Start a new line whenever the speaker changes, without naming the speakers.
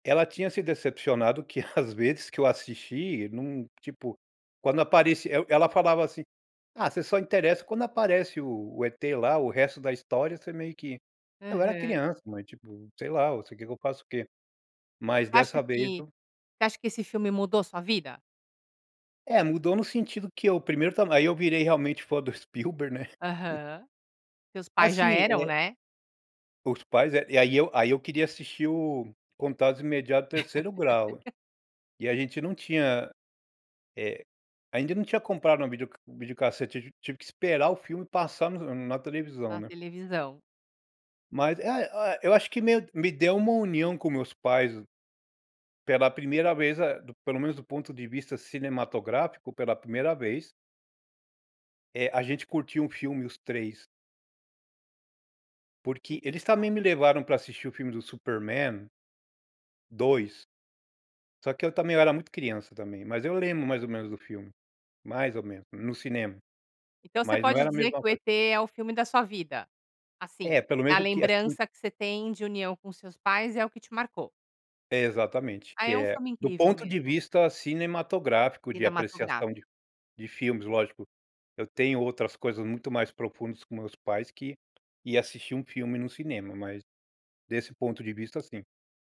Ela tinha se decepcionado que às vezes que eu assisti, não, tipo, quando apareci eu ela falava assim: "Ah, você só interessa quando aparece o o E.T. lá, o resto da história você meio que". Eu era
Aham.
criança, mas tipo, sei lá, você quer que eu faço o quê. Mas dessa
Acha
vez
que
eu
você acha que esse filme mudou sua vida?
É, mudou no sentido que eu primeiro também aí eu virei realmente fã do Spielberg, né.
Aham. Seus pais já
Assim,
eram,
é
né.
os pais é e aí eu aí eu queria assistir o Contatos Imediato de Terceiro Grau. E a gente não tinha, eh, ainda não tinha comprado uma videoc videocassete, tiv tive que esperar o filme passar no na televisão,
A
né.
televisão.
Mas, ae ae eu acho que meio me deu uma união com meus pais pela primeira vez, ah, pelo menos do ponto de vista cinematográfico, pela primeira vez eh, a gente curtiu um filme, os 3. Porque eles
[unintelligible]
também me levaram para assistir o filme do Super-men 2, só que eu também eu era muito criança também, mas eu lembro mais ou menos do filme, mais ou menos, no cinema.
Então você
Mas não
pode
era a
dizer
mesma
que o
coisa.
E.T. é o filme da sua vida.
É,
Assim,
pelo menos,
a
porque assim
lembrança que você tem de união com seus pais é o que te marcou.
Exatamente,
Ah,
que
é um
é
filme
do
incrível
ponto de
mesmo.
vista cinematográfico de
Cinematográfica.
apreciação de de filmes. Lógico, eu tenho outras coisas muito mais profundas com meus pais que ir assistir um filme no cinema, mas desse ponto de vista, sim.